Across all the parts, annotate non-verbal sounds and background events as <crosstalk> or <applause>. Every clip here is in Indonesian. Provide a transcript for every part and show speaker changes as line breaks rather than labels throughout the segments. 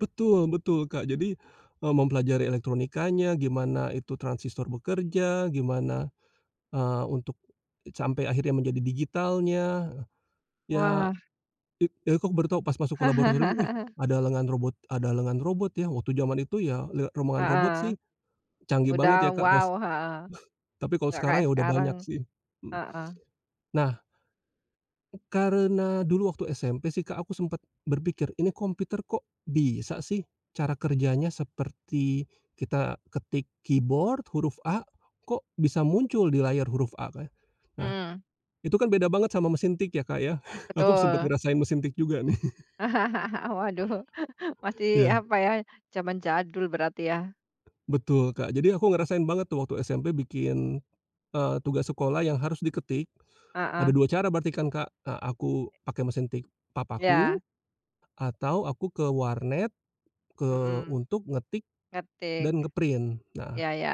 Betul betul, Kak. Jadi, eee, mempelajari elektronikanya, gimana itu transistor bekerja, gimana, eee, untuk sampai akhirnya menjadi digitalnya. Ya,
Wah.
it aku baru tau pas masuk ke laboratorium, wih,
<chuckles>
ada lengan robot ada lengan robot, ya waktu zaman itu ya, lihat rombongan robot
Heeh.
sih, canggih banget
Udah
ya, Kak pas
wow, heeh.
tapi, kalau
Nggak
sekarang
kayak
ya udah
sekarang.
banyak sih. Hmm.
Heeh.
Nah karena dulu waktu SMP sih Kak aku sempet berpikir, ini komputer kok bisa sih cara kerjanya seperti kita ketik keyboard, huruf A, kok bisa muncul di layar huruf A, Kak. Nah,
Hmm.
itu kan beda banget sama mesin tik ya, Kak ya. <chuckles> Aku sempet
Betul.
ngerasain mesin tik juga nih. <chuckles>
<chuckles> Waduh, <chuckles> masih
Iya.
apa, ya, zaman jadul berarti, ya?
Betul, Kak. Jadi aku ngerasain banget, tuh, waktu SMP bikin, eee, tugas sekolah yang harus diketik, ada
Heeh.
2 cara berarti kan Kak. Eee, aku pakai mesin tik
Iya.
papaku, atau aku ke warnet, ke
Mhm.
untuk ngetik
Ngetik.
dan nge-print. Nah
Iya iya.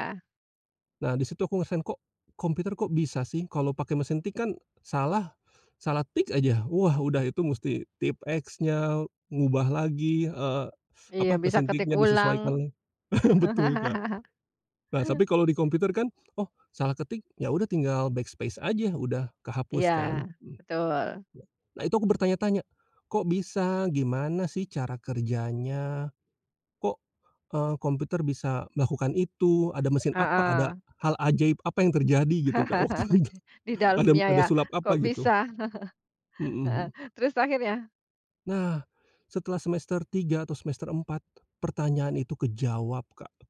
nah, di situ aku ngerasain, kok komputer kok bisa sih kalau pakai mesin tik kan salah salah tik aja, wah udah itu mesti tipe-eks-nya, ngubah lagi, eee,
Iya,
apa,
bisa
mesin
ketik
tiknya
ulang.
disesuaikan la <chuckles> betul Kak.
<chuckles>
Nah, tapi kalau di komputer kan, oh, salah ketik, ya udah tinggal backspace aja, udah kehapus
Iya,
kan.
betul.
Nah itu aku bertanya-tanya, kok bisa? Gimana sih cara kerjanya? Kok, eee, komputer bisa melakukan itu? Ada mesin apa? Ada
Heeh.
hal ajaib apa yang terjadi gitu, Kak waktu
<chuckles>
itu,
Di
ada
dalamnya
ada
ya?
sulap
Kok
apa
bisa?
gitu.
<chuckles> Heeh.
Mhm.
Terus, akhirnya
Nah, setelah semester 3 atau semester 4, pertanyaan itu kejawab Kak.